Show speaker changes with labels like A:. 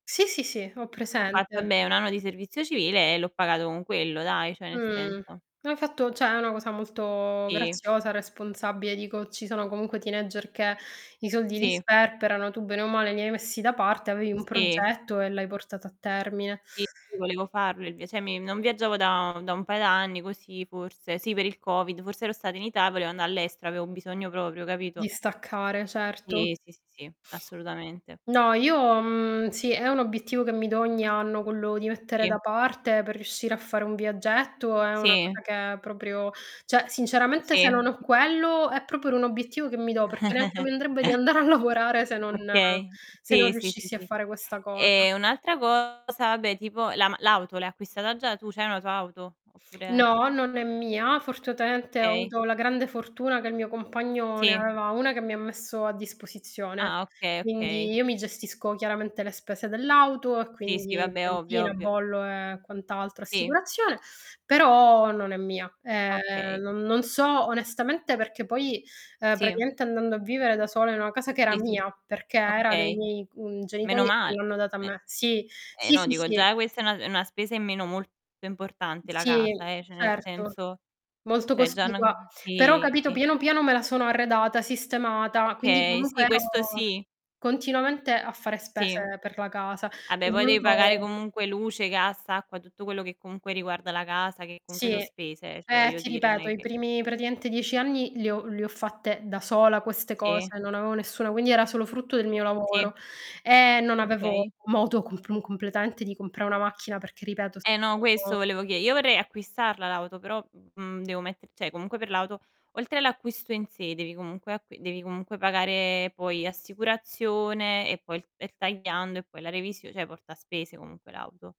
A: Sì, sì, sì, ho
B: Ho fat
A: presente.
B: vabbè un anno di servizio civile e l'ho pagato con quello dai, cioè nel
A: Mhmm,
B: senso.
A: no hai fatto cioè è una cosa molto
B: Sì.
A: graziosa, responsabile dico, ci sono comunque teenager che i soldi li
B: Sì.
A: sperperano, tu bene o male li hai messi da parte, avevi un
B: Sì.
A: progetto e l'hai portato a termine.
B: Sì, sì, volevo farlo il via cioè mi non viaggiavo da da un paio d'anni così forse, sì per il Covid, forse ero stato in Ita e volevo anda' all'estero, avevo un bisogno proprio,
A: Di
B: capito?
A: staccare certo.
B: Sì. Sì, sì, assolutamente.
A: No, io mhmm, sì, è un obiettivo che mi do ogni anno quello di mettere
B: Sì.
A: da parte per riuscire a fare un viaggetto è una
B: Sì.
A: cosa che è proprio cioè sinceramente se non
B: Sì.
A: ho quello è proprio un obiettivo che mi do perché neanche mi andrebbe di andare a lavorare se non
B: Okay,
A: se non
B: sì, sì, sì,
A: riuscissi a
B: sì.
A: fare questa cosa.
B: E un'altra cosa, vabbè tipo la ma l'auto l'hai acquistata già tu? C'hai una tua auto? Oppure?
A: No, non è mia, fortunatamente ho
B: Okay.
A: avuto la grande fortuna che il mio compagno ne
B: Sì.
A: aveva 1 che mi ha messo a disposizione,
B: Ah, okay.
A: quindi
B: Okay.
A: io mi gestisco chiaramente le spese dell'auto e
B: Sì, sì,
A: quindi
B: vabbè ovvio,
A: benzina,
B: ovvio.
A: bollo e quant'altro,
B: Sì.
A: assicurazione, però non è mia. Eh
B: Okay.
A: non non so onestamente perché poi, ehm,
B: Sì.
A: praticamente andando a vivere da sola in una casa che era
B: Sì, sì, s
A: mia, perché era dei
B: okay,
A: miei mhmm, genitori che
B: menomal
A: l'hanno data a
B: me
A: me. Sì.
B: eh,
A: Sì,
B: no
A: sì,
B: dico
A: sì.
B: già questa è una è una spesa in meno molto importante la
A: Sì.
B: casa eh, cioè nel
A: Certo.
B: senso
A: Molto
B: cioè già
A: cospicua,
B: 'na
A: però
B: sì.
A: capito piano piano me la sono arredata, sistemata, quindi
B: Okay,
A: comunque
B: sì, questo
A: ero
B: sì.
A: continuamente a fare
B: Sì.
A: spese per la casa. C'è
B: Vabbè poi devi pagare
A: voluto
B: comunque luce, gas, acqua, tutto quello che comunque riguarda la casa che comunque
A: Sì.
B: so' spese eh, cioè
A: Eh,
B: voglio
A: ti
B: dire non
A: ripeto
B: è
A: i
B: che
A: primi praticamente 10 anni li ho le ho fatte da sola queste
B: Sì.
A: cose, non avevo nessuno, quindi era solo frutto del mio
B: Sì.
A: lavoro e non avevo
B: Okay.
A: modo comp mu completamente di compra una macchina perché ripeto
B: Eh, no questo
A: stavo
B: volevo chie io vorrei acquistarla l'auto però, mhmm, devo metter cioè comunque per l'auto, oltre all'acquisto in sé devi comunque acqui devi comunque pagare poi assicurazione e poi il er tagliando e poi la revisio cioè porta spese comunque l'auto.